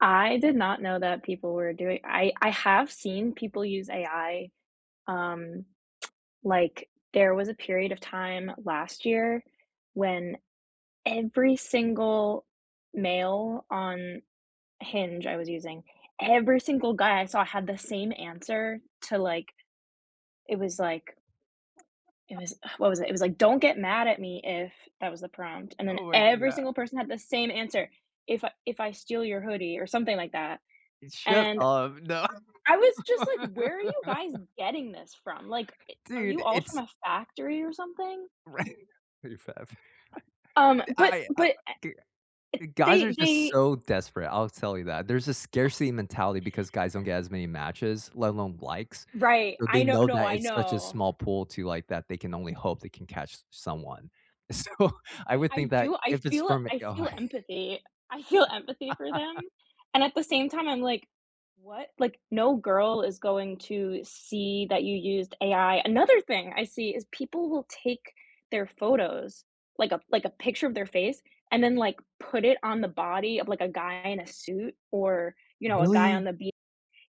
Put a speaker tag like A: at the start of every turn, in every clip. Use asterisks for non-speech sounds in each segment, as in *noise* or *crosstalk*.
A: I did not know that people were doing I I have seen people use AI, um, *tsk* like, there was a period of time last year when every single male on Hinge- I was using,- every single guy I saw had the same answer to, like it was like it
B: *laughs*
A: was Ugh, what was it? It was like, "Don't get mad at me if" that was the prompt, and then
B: Oh my g
A: every
B: Yeah.
A: single person had the same answer, "If I if I steal your hoodie or something like that,
B: Uh, shut
A: and"
B: up. No.
A: I was just like,
B: *laughs*
A: "Where are you guys getting this from?" like, it "Are you
B: Dude,
A: all from
B: it's
A: a factory or something?"
B: Right. Pretty fast.
A: Um,
B: *laughs*
A: but
B: Y I, uh Oh,
A: but eh
B: g Uh,
A: it
B: guys are
A: they
B: just
A: they
B: so desperate, I'll tell you that, there's a
A: *laughs*
B: scarcity mentality, because guys don't get as many matches, let alone likes.
A: Right.
B: So they
A: I know
B: know
A: No,
B: that
A: I
B: it's such a
A: know.
B: small pool too, like, that they can only hope they can catch someone. So, I would
A: I I
B: think that
A: do I
B: if it's
A: feel
B: from a
A: I feel
B: guy
A: empathy. I feel empathy for
B: *laughs*
A: them, and at the same time, I'm like, "What?" like, "No girl is going to see that you used AI." Another thing I see is people will take their photos, like a like a picture of their face, and then, like, put it on the body of, like, a guy in a suit, or, you know, a guy on
B: Really?
A: the beach.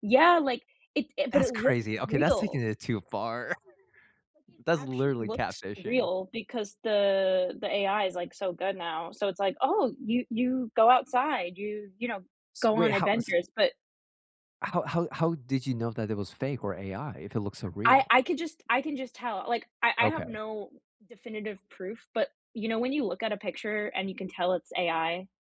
A: Yeah, like it i but
B: That's
A: it looks
B: crazy. Okay, that's taking
A: real.
B: it too far. *chuckles*
A: But it
B: That's
A: actually
B: literally
A: looks
B: catfishing.
A: real, because the the AI is, like, so good now. So it's like, "Oh, you you go outside. You, you know,
B: S
A: go
B: Wait,
A: on
B: how s
A: adventures." but
B: how how how did you know that it was fake or AI if it looks so
A: I
B: real?
A: I could just I can just tell, uh, like, I I have
B: Okay.
A: no definitive proof, but, you know, when you look at a picture and you can tell it's AI